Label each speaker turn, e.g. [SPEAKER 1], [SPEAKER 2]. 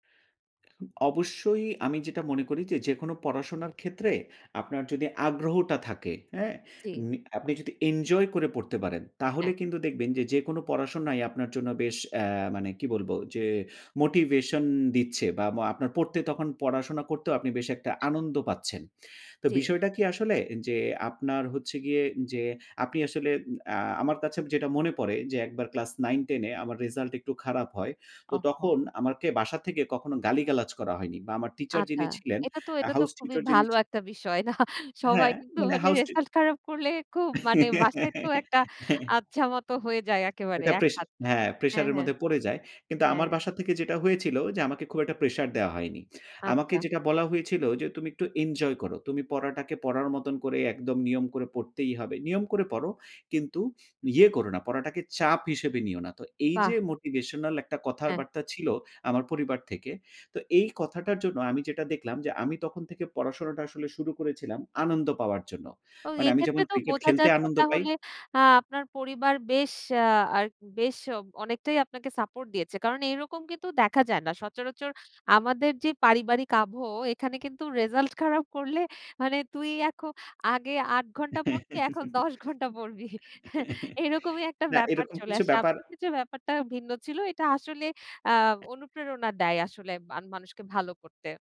[SPEAKER 1] অবশ্যই আমি যেটা মনে করি যে যেকোনো পড়াশোনার ক্ষেত্রে আপনার যদি আগ্রহটা থাকে। হ্যাঁ?
[SPEAKER 2] জি।
[SPEAKER 1] মি আপনি যদি এনজয় করে পড়তে পারেন তাহলে
[SPEAKER 2] হ্যাঁ।
[SPEAKER 1] কিন্তু দেখবেন যে যেকোনো পড়াশোনাই আপনার জন্য বেশ অ্যা মানে কি বলব যে মোটিভেশন দিচ্ছে, বা আপনার পড়তে তখন পড়াশোনা করতেও আপনি বেশ একটা আনন্দ পাচ্ছেন। তো
[SPEAKER 2] জি।
[SPEAKER 1] বিষয়টা কি আসলে যে আপনার হচ্ছে গিয়ে যে, আপনি আসলে আ আমার কাছে যেটা মনে পড়ে যে একবার ক্লাস 9-10 এ আমার রেজাল্ট একটু খারাপ হয়। তো
[SPEAKER 2] ওহো।
[SPEAKER 1] তখন আমাকে বাসা থেকে কখনো গালিগালাজ করা হয়নি। বা আমার টিচার
[SPEAKER 2] আচ্ছা।
[SPEAKER 1] যিনি ছিলেন
[SPEAKER 2] এটা তো এটা তো
[SPEAKER 1] house
[SPEAKER 2] খুবই
[SPEAKER 1] tutor যিনি
[SPEAKER 2] ভালো
[SPEAKER 1] ছি
[SPEAKER 2] একটা বিষয় না। বাহ সবাই
[SPEAKER 1] হ্যাঁ
[SPEAKER 2] কিন্তু
[SPEAKER 1] মানে
[SPEAKER 2] মানে
[SPEAKER 1] হাউস টি
[SPEAKER 2] রেজাল্ট খারাপ করলে খুব মানে বাসায় তো একটা আচ্ছা মত হয়ে যায় একেবারে
[SPEAKER 1] ওটা
[SPEAKER 2] এক
[SPEAKER 1] প্রেসা
[SPEAKER 2] হাত।
[SPEAKER 1] হ্যাঁ প্রেশার
[SPEAKER 2] হ্যাঁ,
[SPEAKER 1] এর
[SPEAKER 2] হ্যাঁ।
[SPEAKER 1] মধ্যে পড়ে যায়। কিন্তু
[SPEAKER 2] হ্যাঁ।
[SPEAKER 1] আমার বাসা থেকে যেটা হয়েছিল যে আমাকে খুব একটা প্রেশার দেয়া হয়নি। আমাকে
[SPEAKER 2] আচ্ছা।
[SPEAKER 1] যেটা বলা হয়েছিল যে তুমি একটু এনজয় করো। তুমি পড়াটাকে পড়ার মতন করে একদম নিয়ম করে পড়তেই হবে। নিয়ম করে পড়ো, কিন্তু ইয়ে করো না পড়াটাকে চাপ হিসেবে নিও না। তো এই যে
[SPEAKER 2] বাহ!
[SPEAKER 1] মোটিভেশনাল একটা
[SPEAKER 2] হ্যাঁ।
[SPEAKER 1] কথাবার্তা ছিল আমার পরিবার থেকে। তো এই কথাটার জন্য আমি যেটা দেখলাম যে আমি তখন থেকে পড়াশোনাটা আসলে শুরু করেছিলাম আনন্দ পাওয়ার জন্য।
[SPEAKER 2] তো
[SPEAKER 1] মানে আমি যখন
[SPEAKER 2] এক্ষেত্রে তো
[SPEAKER 1] ক্রিকেট
[SPEAKER 2] বোঝা
[SPEAKER 1] খেলতে
[SPEAKER 2] যাচ্ছে
[SPEAKER 1] আনন্দ পাই
[SPEAKER 2] তাহলে আ আপনার পরিবার বেশ আ বেশ অনেকটাই আপনাকে সাপোর্ট দিয়েছে। কারণ এরকম কিন্তু দেখা যায় না। সচরাচর আমাদের যে পারিবারিক আবহ, এখানে কিন্তু রেজাল্ট খারাপ করলে মানে তুই এখন আগে ৮ ঘন্টা পড়তি এখন ১০ ঘণ্টা পড়বি। এরকমই একটা
[SPEAKER 1] না
[SPEAKER 2] ব্যাপার
[SPEAKER 1] এরকম
[SPEAKER 2] চলে
[SPEAKER 1] কিছু
[SPEAKER 2] আসে।
[SPEAKER 1] ব্যাপার
[SPEAKER 2] আপনার ক্ষেত্রে ব্যাপারটা ভিন্ন ছিল। এটা আসলে আ অনুপ্রেরণা দেয় আসলে মানুষকে ভালো করতে।